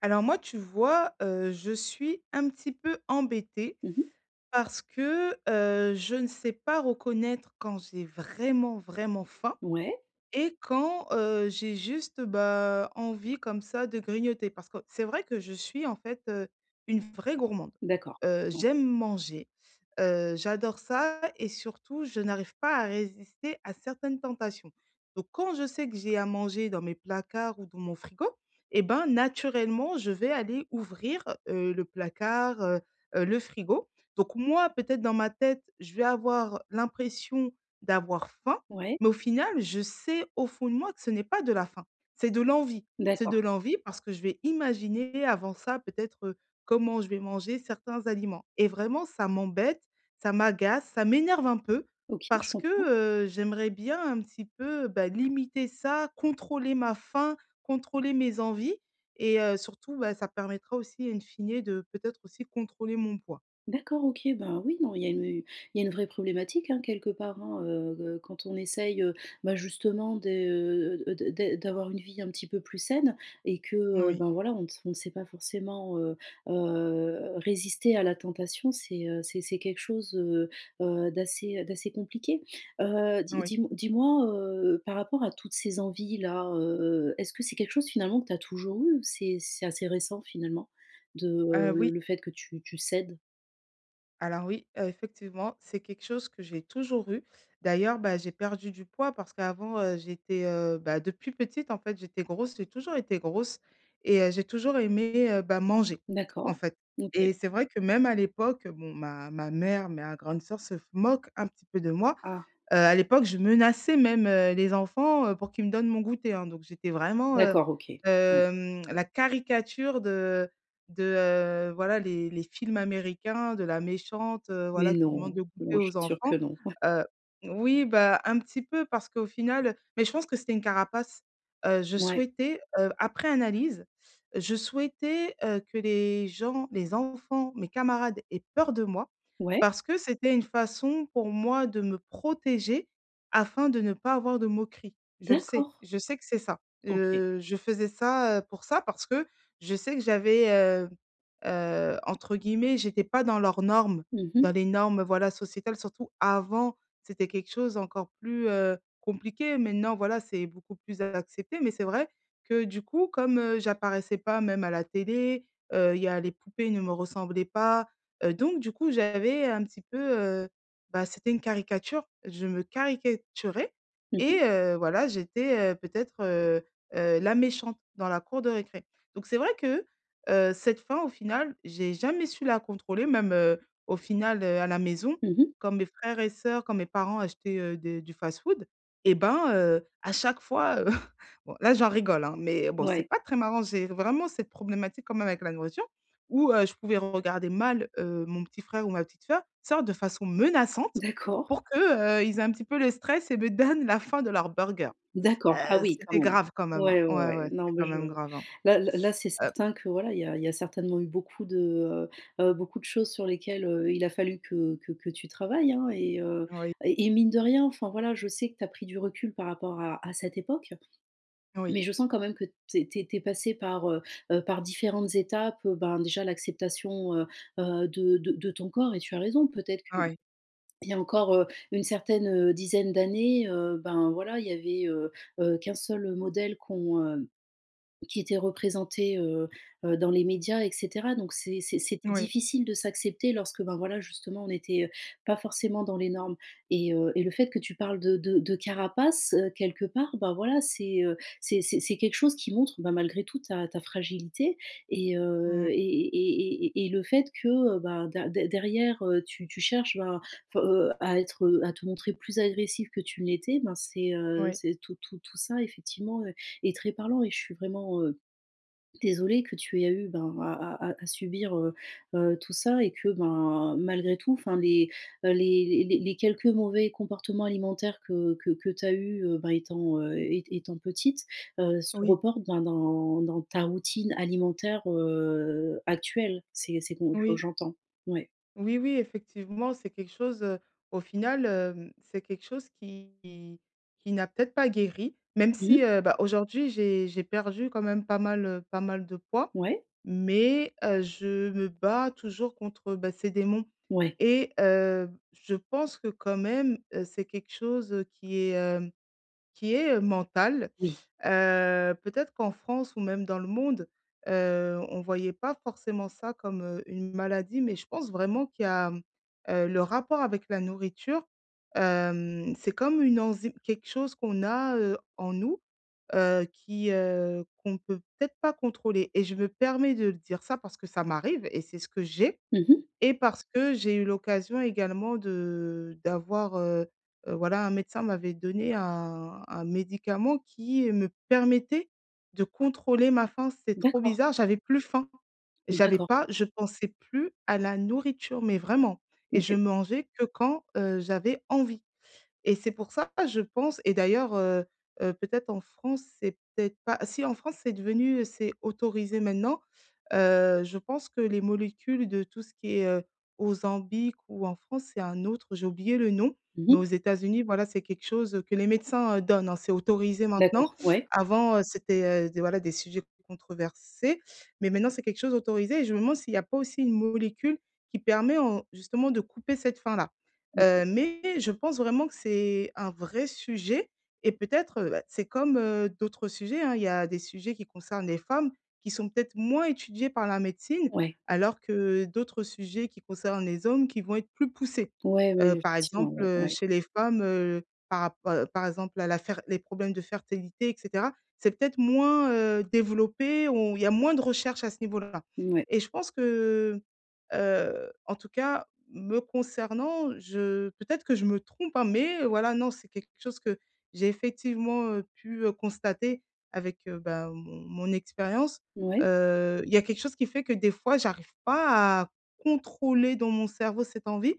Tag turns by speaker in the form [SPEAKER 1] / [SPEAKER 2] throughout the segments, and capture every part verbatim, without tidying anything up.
[SPEAKER 1] Alors, moi, tu vois, heu, je suis un petit peu embêtée
[SPEAKER 2] Mmh mh.
[SPEAKER 1] parce que, heu, je ne sais pas reconnaître quand j'ai vraiment, vraiment faim
[SPEAKER 2] Ouais.
[SPEAKER 1] et quand, heu, j'ai juste, bah, envie comme ça, de grignoter. Parce que c'est vrai que je suis, en fait, heu, une vraie gourmande.
[SPEAKER 2] D'accord,
[SPEAKER 1] Heu,
[SPEAKER 2] ouais.
[SPEAKER 1] j'aime manger, heu, j'adore ça et surtout je n'arrive pas à résister à certaines tentations. Donc quand je sais que j'ai à manger dans mes placards ou dans mon frigo et ben, naturellement, je vais aller ouvrir, heu, le placard, heu heu, le frigo. Donc moi, peut-être dans ma tête, je vais avoir l'impression d'avoir faim
[SPEAKER 2] Ouais.
[SPEAKER 1] mais au final, je sais, au fond de moi, que ce n'est pas de la faim. C'est de l'envie c'est de
[SPEAKER 2] D'accord.
[SPEAKER 1] l'envie parce que je vais imaginer, avant ça, peut-être, heu, comment je vais manger certains aliments et vraiment, ça m'embête, ça m'agace, ça m'énerve un peu.
[SPEAKER 2] OK, je
[SPEAKER 1] Parce que,
[SPEAKER 2] comprends.
[SPEAKER 1] heu, j'aimerais bien, un petit peu, bah, limiter ça, contrôler ma faim, contrôler mes envies et heu, surtout, bah, ça permettra aussi, in fine, de, peut-être, aussi, contrôler mon poids.
[SPEAKER 2] D'accord, OK, ben, oui, non, il y a une il y a une vraie problématique, hein, quelque part, hein, heu heu, quand on essaye, heu, bah, justement de, heu, de d d d'avoir une vie un petit peu plus saine et que,
[SPEAKER 1] N
[SPEAKER 2] heu,
[SPEAKER 1] oui.
[SPEAKER 2] ben, voilà, on ne s ne sait pas forcément, heu heu, résister à la tentation. C'est, heu, c'est c'est quelque chose, heu heu, d'assez d'assez compliqué. Heu, dis
[SPEAKER 1] Oui.
[SPEAKER 2] dis-m dis-moi, heu, par rapport à toutes ces envies-là, heu heu, est-ce que c'est quelque chose, finalement, que tu as toujours eu? Ou c'est c'est assez récent, finalement, de, heu,
[SPEAKER 1] Heu,
[SPEAKER 2] le
[SPEAKER 1] oui.
[SPEAKER 2] le fait que tu tu cèdes?
[SPEAKER 1] Alors oui, heu, effectivement, c'est quelque chose que j'ai toujours eu, d'ailleurs, bah, j'ai perdu du poids parce qu'avant, heu, j'étais, heu, bah, depuis petite, en fait, j'étais grosse, j'ai toujours été grosse et heu, j'ai toujours aimé, heu, bah, manger, en
[SPEAKER 2] D'accord.
[SPEAKER 1] fait et
[SPEAKER 2] OK.
[SPEAKER 1] c'est vrai que même à l'époque, bon, ma ma mère, ma grande sœur se f moquent un petit peu de moi,
[SPEAKER 2] Ah.
[SPEAKER 1] heu, à l'époque, je menaçais même, heu, les enfants, heu, pour qu'ils me donnent mon goûter, hein, donc j'étais vraiment, heu,
[SPEAKER 2] D'accord, OK, ouais.
[SPEAKER 1] hem, la caricature de de, heu, voilà, les les films américains, de la méchante, heu, voilà,
[SPEAKER 2] Mais
[SPEAKER 1] qui demande
[SPEAKER 2] non,
[SPEAKER 1] le goûter
[SPEAKER 2] moi, je
[SPEAKER 1] aux
[SPEAKER 2] suis sûre que
[SPEAKER 1] enfants,
[SPEAKER 2] non.
[SPEAKER 1] heu oui, bah, un petit peu parce qu'au final mais je pense que c'était une carapace. Heu, je
[SPEAKER 2] Ouais.
[SPEAKER 1] souhaitais, heu, après analyse, je souhaitais, heu, que les gens, les enfants, mes camarades aient peur de moi
[SPEAKER 2] Ouais.
[SPEAKER 1] parce que c'était une façon pour moi de me protéger afin de ne pas avoir de moqueries. Je le sais,
[SPEAKER 2] D'accord!
[SPEAKER 1] je sais que c'est ça,
[SPEAKER 2] OK.
[SPEAKER 1] heu, je faisais ça, heu, pour ça, parce que je sais que j'avais, heu heu, entre guillemets «j'étais pas dans leurs normes»,
[SPEAKER 2] Mmh
[SPEAKER 1] dans
[SPEAKER 2] mh.
[SPEAKER 1] les normes, voilà, sociétales, surtout avant. C'était quelque chose encore plus, heu, compliqué. Maintenant, voilà, c'est beaucoup plus accepté mais c'est vrai que du coup, comme, heu, j'apparaissais pas même à la télé, heu, il y a les poupées ne me ressemblaient pas, heu, donc du coup, j'avais un petit peu, heu, bah, c'était une caricature, je me caricaturais
[SPEAKER 2] Mmh
[SPEAKER 1] et
[SPEAKER 2] mh.
[SPEAKER 1] heu, voilà, j'étais, heu, peut-être, heu heu, la méchante dans la cour de récré, donc c'est vrai que, heu, cette faim, au final, j'ai jamais su la contrôler même, heu, au final, heu, à la maison,
[SPEAKER 2] Mmh mh.
[SPEAKER 1] quand mes frères et sœurs, quand mes parents achetaient, heu, des du fast-food, eh ben, heu, à chaque fois, heu, bon, là, j'en rigole, hein, mais bon c'est
[SPEAKER 2] Ouais.
[SPEAKER 1] pas très marrant, j'ai vraiment cette problématique quand même avec la nourriture où, heu, je pouvais regarder mal, heu, mon petit frère ou ma petite sœur, sorte de façon menaçante
[SPEAKER 2] D'accord.
[SPEAKER 1] pour que, heu, ils aient un petit peu le stress et me donnent la fin de leur burger.
[SPEAKER 2] D'accord, ah
[SPEAKER 1] Heu,
[SPEAKER 2] oui, quand
[SPEAKER 1] c'était
[SPEAKER 2] même.
[SPEAKER 1] grave quand même, hein,
[SPEAKER 2] Ouais, ouais, ouais,
[SPEAKER 1] ouais,
[SPEAKER 2] ouais,
[SPEAKER 1] ouais,
[SPEAKER 2] non,
[SPEAKER 1] c'était
[SPEAKER 2] mais
[SPEAKER 1] quand
[SPEAKER 2] je
[SPEAKER 1] même grave, hein,
[SPEAKER 2] là là là, c'est
[SPEAKER 1] heu
[SPEAKER 2] certain que, voilà, il y a il y a certainement eu beaucoup de, heu heu, beaucoup de choses sur lesquelles, heu, il a fallu que que que tu travailles, hein et heu
[SPEAKER 1] Oui.
[SPEAKER 2] et et mine de rien, enfin, voilà, je sais que tu as pris du recul par rapport à à cette époque
[SPEAKER 1] Oui.
[SPEAKER 2] mais je sens quand même que tu es tu es passée par, heu heu, par différentes étapes, heu, ben, déjà, l'acceptation, heu heu, de de de ton corps et tu as raison, peut-être
[SPEAKER 1] Ouais.
[SPEAKER 2] qu'il y a encore, heu, une certaine, heu, dizaine d'années, heu, ben, voilà, il y avait, heu heu, qu'un seul modèle qu'on heu, qui était représenté, heu heu, dans les médias et cetera, donc c'est c'est c'était
[SPEAKER 1] Oui.
[SPEAKER 2] difficile de s'accepter lorsque, ben, voilà, justement, on n'était pas forcément dans les normes et heu et le fait que tu parles de de de carapace, heu, quelque part, bah, voilà, c'est, heu, c'est c'est c'est quelque chose qui montre, ben, malgré tout ta ta fragilité et
[SPEAKER 1] Mmh
[SPEAKER 2] heu
[SPEAKER 1] mh.
[SPEAKER 2] et et et et et le fait que, heu, bah, dé dé derrière, heu, tu tu cherches, ben, heu, à être heu, à te montrer plus agressive que tu ne l'étais, ben, c'est, heu,
[SPEAKER 1] Oui.
[SPEAKER 2] c'est tout tout tout ça, effectivement, heu, est très parlant et je suis vraiment, heu, désolée que tu aies eu, ben, à à à subir, heu heu, tout ça et que, ben, malgré tout, enfin, les, heu, les les les quelques mauvais comportements alimentaires que que que tu as eu, heu, ben, étant, heu, ét étant petite, heu, se
[SPEAKER 1] Oui.
[SPEAKER 2] reportent dans dans dans ta routine alimentaire, heu, actuelle c'est c'est com heu,
[SPEAKER 1] Oui.
[SPEAKER 2] j'entends. Ouais.
[SPEAKER 1] Oui, oui, effectivement, c'est quelque chose, heu, au final, hem, c'est quelque chose qui qui qui n'a peut-être pas guéri, même
[SPEAKER 2] Mmh
[SPEAKER 1] si,
[SPEAKER 2] mh.
[SPEAKER 1] heu, bah, aujourd'hui, j'ai j'ai perdu quand même pas mal, heu, pas mal de poids,
[SPEAKER 2] Ouais.
[SPEAKER 1] mais heu, je me bats toujours contre, bah, ces démons
[SPEAKER 2] Ouais.
[SPEAKER 1] et heu, je pense que quand même, heu, c'est quelque chose qui est, hem, qui est mental,
[SPEAKER 2] Oui.
[SPEAKER 1] heu, peut-être qu'en France ou même dans le monde, heu, on voyait pas forcément ça comme, heu, une maladie mais je pense vraiment qu'il y a, heu, le rapport avec la nourriture, hem, c'est comme une enzyme, quelque chose qu'on a, heu, en nous, heu, qui, heu, qu'on peut peut-être pas contrôler et je me permets de le dire, ça, parce que ça m'arrive et c'est ce que j'ai
[SPEAKER 2] Mmh mh.
[SPEAKER 1] et parce que j'ai eu l'occasion également de d'avoir, heu heu, voilà, un médecin m'avait donné un un médicament qui me permettait de contrôler ma faim, c'était trop
[SPEAKER 2] D'accord.
[SPEAKER 1] bizarre, j'avais plus faim! J'avais
[SPEAKER 2] D'accord.
[SPEAKER 1] pas je pensais plus à la nourriture mais vraiment et je
[SPEAKER 2] OK.
[SPEAKER 1] mangeais que quand, heu, j'avais envie et c'est pour ça, je pense et d'ailleurs, heu heu, peut-être en France, c'est peut-être pas si, en France, c'est devenu c'est autorisé maintenant, heu, je pense que les molécules de tout ce qui est, heu, Ozempic ou en France c'est un autre, j'ai oublié le nom
[SPEAKER 2] Mmh
[SPEAKER 1] mais aux
[SPEAKER 2] mh.
[SPEAKER 1] États-Unis, voilà, c'est quelque chose, heu, que les médecins, heu, donnent, hein, c'est autorisé maintenant.
[SPEAKER 2] D'accord, ouais.
[SPEAKER 1] Avant, heu, c'était, heu, des voilà, des sujets controversés, mais maintenant c'est quelque chose autorisé et je me demande s'il y a pas aussi une molécule qui permet en justement, de couper cette faim-là,
[SPEAKER 2] OK.
[SPEAKER 1] heu, mais je pense vraiment que c'est un vrai sujet et peut-être, heu, bah, c'est comme, heu, d'autres sujets, hein, il y a des sujets qui concernent les femmes qui sont peut-être moins étudiés par la médecine
[SPEAKER 2] Ouais.
[SPEAKER 1] alors que d'autres sujets qui concernent les hommes qui vont être plus poussés,
[SPEAKER 2] Ouais, ouais,
[SPEAKER 1] heu, par
[SPEAKER 2] effectivement,
[SPEAKER 1] exemple,
[SPEAKER 2] ouais,
[SPEAKER 1] heu,
[SPEAKER 2] ouais.
[SPEAKER 1] chez les femmes, heu, par rappo par exemple, à la fer les problèmes de fertilité et cetera. C'est peut-être moins, heu, développé ou il y a moins de recherches à ce niveau-là
[SPEAKER 2] Mouais.
[SPEAKER 1] et je pense que, heu, en tout cas, me concernant, je peut-être que je me trompe, hein, mais voilà, non, c'est quelque chose que j'ai effectivement, heu, pu, heu, constater avec, heu, bah, mon mon expérience,
[SPEAKER 2] Ouais.
[SPEAKER 1] heu, il y a quelque chose qui fait que des fois, j'arrive pas à contrôler dans mon cerveau cette envie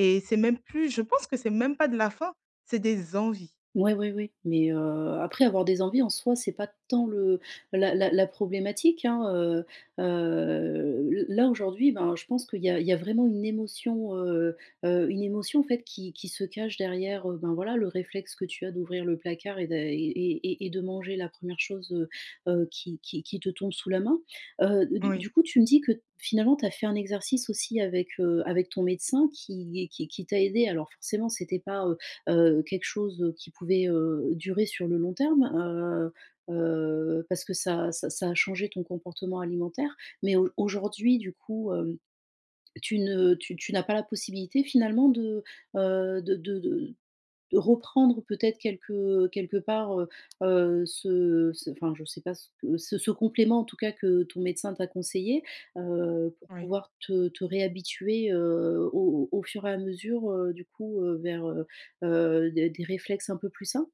[SPEAKER 1] et c'est même plus, je pense que c'est même pas de la faim, c'est des envies.
[SPEAKER 2] Ouais, ouais, ouais, mais heu, après avoir des envies en soi c'est pas tant le la la la problématique, hein, heu heu, l là, aujourd'hui, ben, je pense qu'il y a il y a vraiment une émotion, heu heu, une émotion, en fait, qui qui se cache derrière, ben, voilà, le réflexe que tu as d'ouvrir le placard et d'a et et et de manger la première chose, heu heu, qui qui qui te tombe sous la main, heu, d
[SPEAKER 1] Oui.
[SPEAKER 2] du coup, tu me dis que, finalement, tu as fait un exercice aussi avec, heu, avec ton médecin qui est qui qui t'a aidée, alors forcément, c'était pas, heu heu quelque chose, heu qui pouvait, heu, durer sur le long terme, heu heu, parce que ça ça ça a changé ton comportement alimentaire mais auj aujourd'hui, du coup, hem, tu ne tu tu n'as pas la possibilité, finalement de, heu, de de de de reprendre peut-être quelque, heu, quelque part, heu heu, ce ce enfin, je sais pas ce que ce complément, en tout cas, que ton médecin t'a conseillé, heu, pour
[SPEAKER 1] Oui.
[SPEAKER 2] pouvoir te te réhabituer, heu, au au fur et à mesure, heu, du coup, heu, vers, heu heu, des des réflexes un peu plus sains?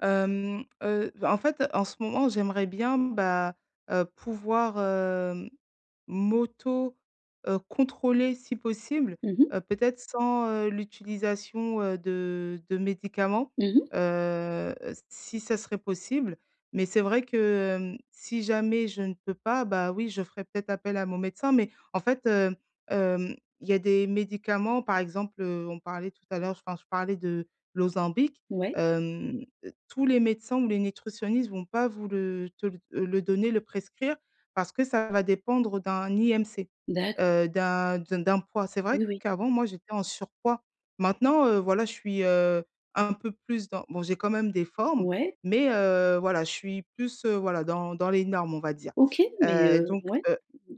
[SPEAKER 1] Hem, heu, bah en fait, en ce moment, j'aimerais bien bah, heu, pouvoir, heu, m'auto, heu, contrôler si possible,
[SPEAKER 2] Mmh mh.
[SPEAKER 1] heu, peut-être sans, heu, l'utilisation, heu, de de médicaments,
[SPEAKER 2] Mmh mh.
[SPEAKER 1] heu, s si ça serait possible, mais c'est vrai que, hem, si jamais je ne peux pas, bah, oui je ferai peut-être appel à mon médecin mais en fait, heu, hem, il y a des médicaments, par exemple, heu, on parlait tout à l'heure enfin je parlais de l'Ozempic,
[SPEAKER 2] Ouais.
[SPEAKER 1] hem, tous les médecins ou les nutritionnistes vont pas vous le te le, heu, le donner, le prescrire parce que ça va dépendre d'un IMC.
[SPEAKER 2] D'accord.
[SPEAKER 1] Heu, d'un d d'un poids. C'est vrai
[SPEAKER 2] Oui, oui.
[SPEAKER 1] qu'avant, moi, j'étais en surpoids. Maintenant, heu, voilà je suis, heu, un peu plus dans bon, j'ai quand même des formes,
[SPEAKER 2] Ouais.
[SPEAKER 1] mais heu, voilà je suis plus, heu, voilà dans dans les normes, on va dire.
[SPEAKER 2] OK, mais
[SPEAKER 1] Heu,
[SPEAKER 2] heu,
[SPEAKER 1] donc
[SPEAKER 2] ouais,
[SPEAKER 1] heu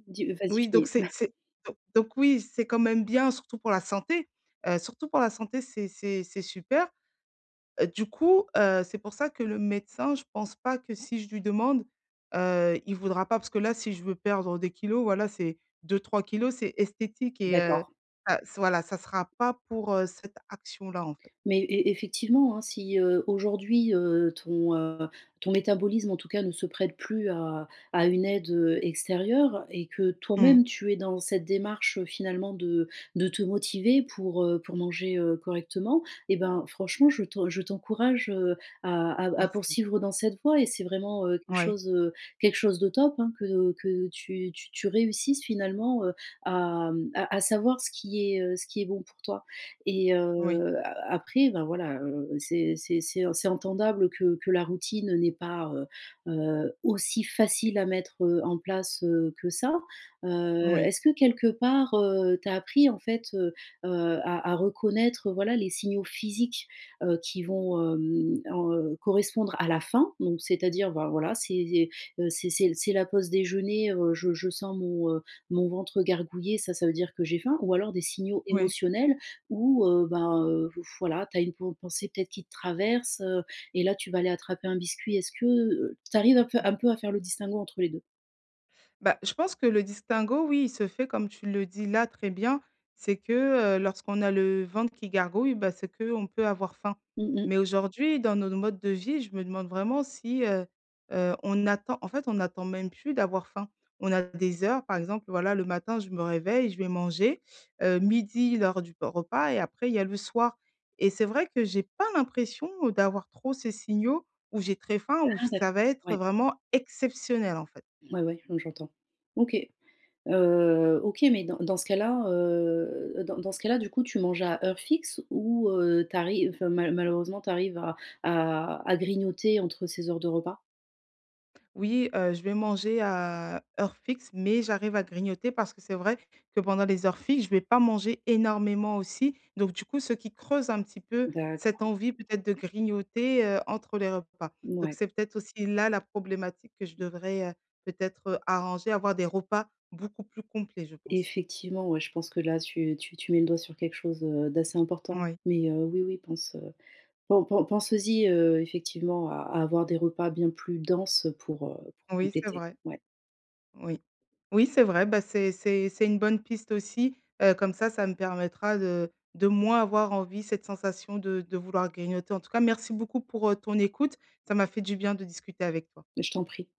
[SPEAKER 2] dis, heu, vas-y.
[SPEAKER 1] oui donc
[SPEAKER 2] Finis.
[SPEAKER 1] c'est c'est don donc oui c'est quand même bien surtout pour la santé, heu, surtout pour la santé c'est c'est c'est super. Du coup, heu, c'est pour ça que le médecin je pense pas que si je lui demande, heu, il voudra pas, parce que là si je veux perdre des kilogrammes, voilà c'est deux-trois kilogrammes c'est esthétique et heu,
[SPEAKER 2] D'accord.
[SPEAKER 1] ça voilà ça sera pas pour, heu, cette action là, en fait.
[SPEAKER 2] Mais é é effectivement, hein si, heu, aujourd'hui, heu, ton, heu, ton métabolisme, en tout cas, ne se prête plus à à une aide, heu, extérieure et que
[SPEAKER 1] Mmh.
[SPEAKER 2] toi-même tu es dans cette démarche finalement de de te motiver pour, heu, pour manger, heu, correctement et ben, franchement, je t'en je t'encourage, heu, à à à
[SPEAKER 1] Merci.
[SPEAKER 2] poursuivre dans cette voie et c'est vraiment, heu, quelque
[SPEAKER 1] Ouais.
[SPEAKER 2] chose, heu, quelque chose de top, hein, que que tu tu tu réussisses finalement, heu, à, hem, à à savoir ce qui est, heu, ce qui est bon pour toi et
[SPEAKER 1] Oui.
[SPEAKER 2] heu, a après ben, voilà, heu, c'est c'est c'est c'est entendable que que la routine, heu, n'est pas, heu heu, aussi facile à mettre, heu, en place, heu, que ça. Heu,
[SPEAKER 1] Oui.
[SPEAKER 2] est-ce que quelque part, heu, tu as appris en fait, heu, à à à reconnaître, voilà, les signaux physiques, heu, qui vont, hem, heu, correspondre à la faim? Donc c'est-à-dire, ben, voilà, c'est des, heu, c'est c'est c'est c'est la pause déjeuner, heu, je je sens mon, heu, mon ventre gargouiller, ça, ça veut dire que j'ai faim ou alors des signaux
[SPEAKER 1] Oui.
[SPEAKER 2] émotionnels ou heu, ben, heu, v voilà, tu as une pen pensée peut-être qui te traverse, heu et là tu vas aller attraper un biscuit? Est-ce que, heu, tu arrives
[SPEAKER 1] Mmh
[SPEAKER 2] un peu
[SPEAKER 1] mh.
[SPEAKER 2] un peu à faire le distinguo entre les deux?
[SPEAKER 1] Bah, je pense que le distinguo, oui, il se fait comme tu le dis là très bien, c'est que, heu, lorsqu'on a le ventre qui gargouille, bah, c'est qu'on peut avoir faim,
[SPEAKER 2] Mmh mh.
[SPEAKER 1] mais aujourd'hui dans nos modes de vie, je me demande vraiment si, heu heu, on attend, en fait on n'attend même plus d'avoir faim. On a des heures, par exemple, voilà, le matin je me réveille, je vais manger, heu, midi, l'heure du repas et après il y a le soir et c'est vrai que j'ai pas l'impression, heu, d'avoir trop ces signaux où j'ai très faim ou
[SPEAKER 2] Ah d'accord,
[SPEAKER 1] ça va être
[SPEAKER 2] ouais.
[SPEAKER 1] vraiment exceptionnel, en fait.
[SPEAKER 2] Ouais, ouais, mmh, j'entends. OK. Heu, OK mais dans dans ce cas là, heu, dans dans ce cas-là, du coup, tu manges à heure fixe ou heu, tu arrives enfin malheu malheureusement tu arrives à à à grignoter entre ces heures de repas?
[SPEAKER 1] Oui, heu, je vais manger à heure fixe mais j'arrive à grignoter parce que c'est vrai que pendant les heures fixes, je vais pas manger énormément aussi, donc du coup, ce qui creuse un petit peu cette
[SPEAKER 2] D'accord.
[SPEAKER 1] envie peut-être de grignoter, heu, entre les repas, donc
[SPEAKER 2] Mouais.
[SPEAKER 1] c'est peut-être aussi là la problématique que je devrais, heu, peut-être, heu, arranger, avoir des repas beaucoup plus complets, je pense.
[SPEAKER 2] Effectivement ouais, je pense que là tu tu tu mets le doigt sur quelque chose, heu, d'assez important
[SPEAKER 1] Oui.
[SPEAKER 2] mais heu, oui, oui pense pen pen penses-y, heu, effectivement à à avoir des repas bien plus denses pour, heu, pour
[SPEAKER 1] Oui, c'est
[SPEAKER 2] compléter,
[SPEAKER 1] vrai,
[SPEAKER 2] ouais.
[SPEAKER 1] oui. Oui, c'est vrai, bah, c'est c'est c'est une bonne piste aussi, heu, comme ça, ça me permettra de de moins avoir envie, cette sensation de de vouloir grignoter. En tout cas, merci beaucoup pour, heu, ton écoute, ça m'a fait du bien de discuter avec toi.
[SPEAKER 2] Mais je t'en prie.